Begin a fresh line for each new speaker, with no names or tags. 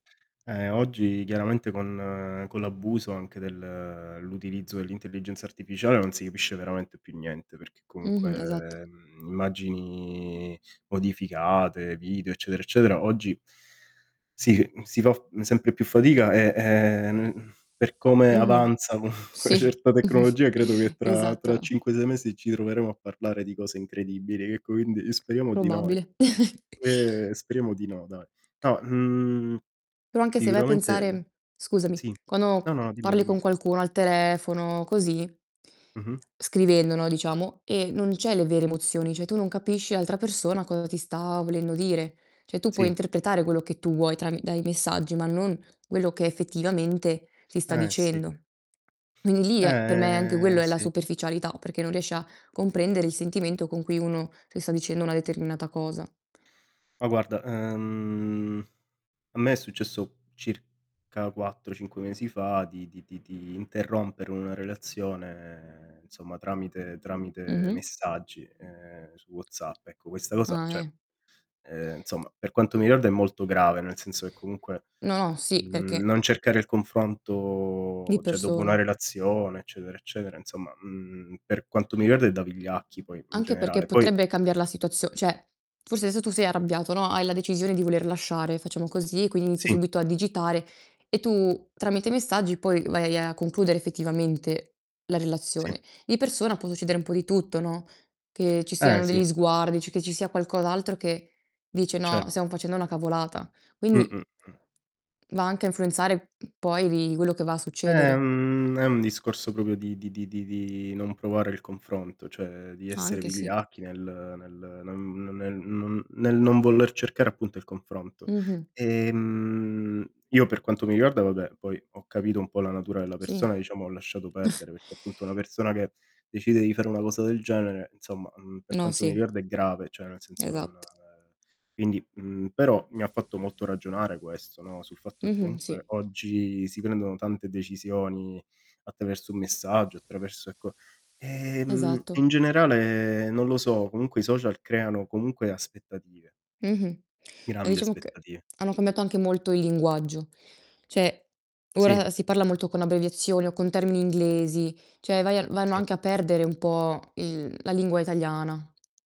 Eh oggi chiaramente con con l'abuso anche del l'utilizzo dell'intelligenza artificiale non si capisce veramente più niente, perché
Mh-mh, esatto.
comunque, mhmm, immagini modificate, video, eccetera, eccetera, oggi si c si fa f sempre più fatica e, ehm, n per come
Mh-mh.
avanzano co 'na
Sì,
certa tecnologia credo che tra tra
esatto.
5, 6 mesi ci troveremo a parlare di cose incredibili. E quindi speriamo di no, eh.
Probabile.
Ehm, speriamo di no, dai. No, mhmm,
Però anche se vai a
sicuramente, mhmm
pensare scusami,
sì. No,
quando
no, dimmi,
parli
dimmi.
con qualcuno al telefono, così
Mh-mh.
scrivendo no, diciamo, e non c'hai le vere emozioni, cioè, tu non capisci l'altra persona cosa ti sta volendo dire. Cioè, tu puoi
Sì.
interpretare quello che tu vuoi trami dai messaggi, ma non quello che effettivamente ti sta
Eh sì.
dicendo. Quindi lì è per me anche
Eh,
quello è la
sì.
superficialità, perché non riesci a comprendere il sentimento con cui uno ti sta dicendo una determinata cosa.
Ma guarda, ehm, a me è successo circa 4, 5 mesi fa di di di di interrompere una relazione insomma tramite tramite
Mh-mh.
messaggi, ehm, su WhatsApp. Ecco, questa cosa,
Ah,
cioè,
eh.
ehm, insomma, per quanto mi riguarda è molto grave, nel senso che comunque,
No, no, sì,
mhmm,
perché
non cercare il
Di
confronto, cioè, dopo la
persona.
relazione, eccetera eccetera, insomma, mhmm, per quanto mi riguarda è da vigliacchi, poi, in
Anche perché
generale. Poi
potrebbe cambiar la situazio cioè, forse adesso tu sei arrabbiato, no, hai la decisione di voler lasciare, facciamo così, e quindi inizi
Sì.
subito a digitare e tu tramite i messaggi poi vai a concludere effettivamente la relazione.
Sì.
Di persona può succedere un po' di tutto, no? Che ci
Eh
siano
sì.
degli sguardi, cioè, che ci sia qualcos'altro che, dice:
Cer
"No, stiam facendo una cavolata". Quindi, mh
Mh-mh, mh.
...va anche a influenzare poi, lì, quello che va a
È
succedere.
un è un discorso proprio di di di di di non provare il confronto, cioè di essere
Anche, sì.
vigliacchi nel nel non non è n nel non voler cercare appunto il confronto.
Mh-mh.
Ehm, io per quanto mi riguarda, vabbè, poi ho capito un po' la natura della
Sì.
persona, diciamo ho lasciato perdere perché appunto una persona che decide di fare una cosa del genere insomma, mhmm, per
No,
quanto mi
sì.
riguarda è grave, cioè, nel senso non
Esatto.
ehm, quindi, mhmm, però mi ha fatto molto ragionare questo, no, sul fatto che
Mh-mh, sì.
comunque oggi si prendono tante decisioni attraverso un messaggio, attraverso, ecco ehm, e
Esatto.
in generale non lo so, comunque i social creano comunque aspettative.
Mh-mh. Ma
Grandi
diciamo che
aspettative.
hanno cambiato anche molto il linguaggio. Cioè,
Sì.
ora si parla molto con abbreviazioni o con termini inglesi, cioè, vai a vanno
Sì.
anche a perdere un po' il la lingua italiana.